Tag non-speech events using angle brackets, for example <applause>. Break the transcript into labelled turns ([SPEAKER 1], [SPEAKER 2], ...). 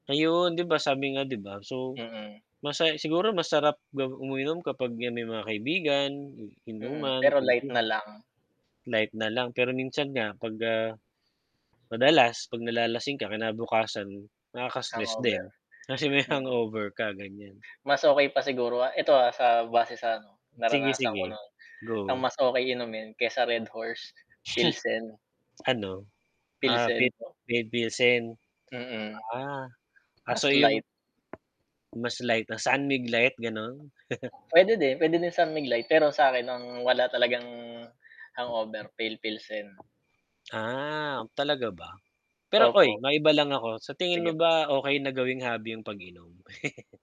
[SPEAKER 1] Ayun, 'di ba sabi nga 'di ba, so
[SPEAKER 2] Mm.
[SPEAKER 1] masa siguro masarap ga uminom kapag 'yan, may mga kaibigan, in
[SPEAKER 2] Mm,
[SPEAKER 1] inuman,
[SPEAKER 2] pero light na
[SPEAKER 1] kuwentuhan.
[SPEAKER 2] lang.
[SPEAKER 1] Light na lang, pero minsan nga 'pag, ah, madalas 'pag nalalasing ka, kinabukasan nakaka-stress
[SPEAKER 2] Hangover,
[SPEAKER 1] din, kasi may
[SPEAKER 2] hmm.
[SPEAKER 1] hangover ka ganiyan.
[SPEAKER 2] Mas okey pa siguro, ah, eto, ah, sa base sa ano,
[SPEAKER 1] Sige,
[SPEAKER 2] naranasan ko
[SPEAKER 1] sige,
[SPEAKER 2] no'n, ang
[SPEAKER 1] go.
[SPEAKER 2] mas okey inumin kaysa Red Horse, Pilsen.
[SPEAKER 1] <chuckles> Ano, ah,
[SPEAKER 2] Pilsen
[SPEAKER 1] pip
[SPEAKER 2] po.
[SPEAKER 1] Pale Pilsen.
[SPEAKER 2] Mm.
[SPEAKER 1] Ah,
[SPEAKER 2] as
[SPEAKER 1] kaso yung
[SPEAKER 2] light.
[SPEAKER 1] mas light lang, San Mig Light, gano'n? <chuckles>
[SPEAKER 2] Puwede din, puwede din San Mig Light pero sa akin ang wala talagang hangover, Pale Pilsen.
[SPEAKER 1] Ah, talaga ba? Pero, uy,
[SPEAKER 2] Opo.
[SPEAKER 1] maiba lang ako, sa tingin mo
[SPEAKER 2] Sige po.
[SPEAKER 1] ba, okey na gawing hobby yung pag-inom? <chuckles>